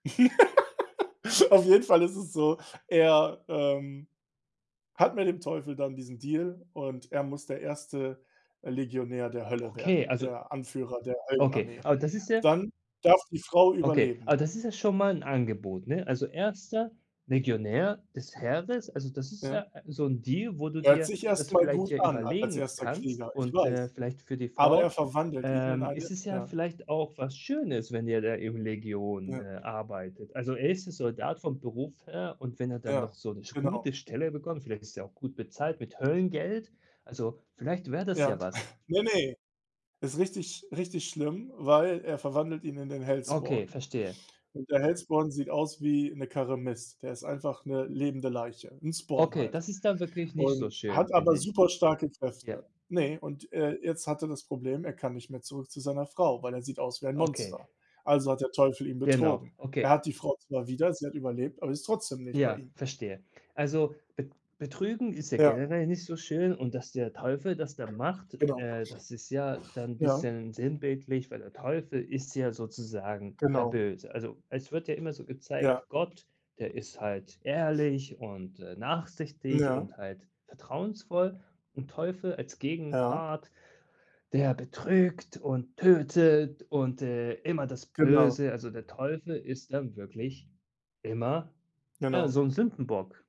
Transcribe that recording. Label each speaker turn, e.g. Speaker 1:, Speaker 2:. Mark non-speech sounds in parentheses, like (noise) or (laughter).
Speaker 1: (laughs) Auf jeden Fall ist es so: Er, ähm, hat mit dem Teufel dann diesen Deal und er muss der 1., äh, Legionär der Hölle
Speaker 2: Okay,
Speaker 1: werden,
Speaker 2: also
Speaker 1: der Anführer der
Speaker 2: Okay,
Speaker 1: Höllenarmee.
Speaker 2: aber das ist ja
Speaker 1: Dann darf die Frau
Speaker 2: Okay, aber
Speaker 1: überleben.
Speaker 2: das ist ja schon mal 'n Angebot, ne? Also, 1. Legionär des Heeres. Also, das ist
Speaker 1: Ja.
Speaker 2: ja ä so 'n Deal, wo du
Speaker 1: Hört
Speaker 2: dir
Speaker 1: sich
Speaker 2: das
Speaker 1: erst mal
Speaker 2: vielleicht
Speaker 1: gut
Speaker 2: ja
Speaker 1: an als
Speaker 2: überlegen
Speaker 1: 1.
Speaker 2: kannst
Speaker 1: Krieger, ich
Speaker 2: und, äh,
Speaker 1: weiß.
Speaker 2: vielleicht für die
Speaker 1: Aber er
Speaker 2: Frau,
Speaker 1: verwandelt ihn in
Speaker 2: ähm,
Speaker 1: eine
Speaker 2: ist es ja
Speaker 1: ja.
Speaker 2: vielleicht auch was Schönes, wenn er da in 'ner Legion, äh,
Speaker 1: Ja.
Speaker 2: arbeitet. Also, er ist Soldat vom Beruf her und wenn er dann
Speaker 1: Ja,
Speaker 2: noch so 'n sch
Speaker 1: genau.
Speaker 2: gute Stelle bekommt, vielleicht ist der auch gut bezahlt mit Höllengeld, also, vielleicht wär das ja
Speaker 1: Ja.
Speaker 2: was.
Speaker 1: (chuckles) Ne, ne, ist richtig sch richtig schlimm, weil er verwandelt ihn in den
Speaker 2: Okay,
Speaker 1: Hellspawn.
Speaker 2: verstehe.
Speaker 1: Und der Hellspawn sieht aus wie 'ne Karre Mist. Der ist einfach 'ne lebende Leiche, 'n Spawn
Speaker 2: Okay,
Speaker 1: halt.
Speaker 2: das ist dann wirklich nicht so
Speaker 1: Und
Speaker 2: schön,
Speaker 1: hat aber
Speaker 2: finde ich.
Speaker 1: super starke
Speaker 2: Ja.
Speaker 1: Kräfte. Ne, und, äh, jetzt hat er das Problem, er kann nicht mehr zurück zu seiner Frau, weil er sieht aus wie ein
Speaker 2: Okay.
Speaker 1: Monster. Also hat der Teufel ihn
Speaker 2: Genau.
Speaker 1: betrogen. Er
Speaker 2: Okay.
Speaker 1: hat die Frau zwar wieder, sie hat überlebt, aber ist trotzdem nicht bei
Speaker 2: Ja,
Speaker 1: ihm.
Speaker 2: verstehe. Also, be betrügen ist ja
Speaker 1: Ja.
Speaker 2: generell nicht so schön und dass der Teufel das dann macht,
Speaker 1: Genau.
Speaker 2: äh, das ist ja dann
Speaker 1: Ja.
Speaker 2: bisschen sinnbildlich, weil der Teufel ist ja sozusagen der
Speaker 1: Genau.
Speaker 2: Böse. Also, es wird ja immer so
Speaker 1: Ja.
Speaker 2: gezeigt, Gott, der ist halt ehrlich und, äh,
Speaker 1: Hm.
Speaker 2: nachsichtig
Speaker 1: Ja.
Speaker 2: und halt vertrauensvoll und Teufel als
Speaker 1: Ja.
Speaker 2: Gegenpart, der betrügt und tötet und, äh, immer das
Speaker 1: Genau.
Speaker 2: Böse also, der Teufel ist dann wirklich immer, ja,
Speaker 1: Genau.
Speaker 2: so 'n Sündenbock.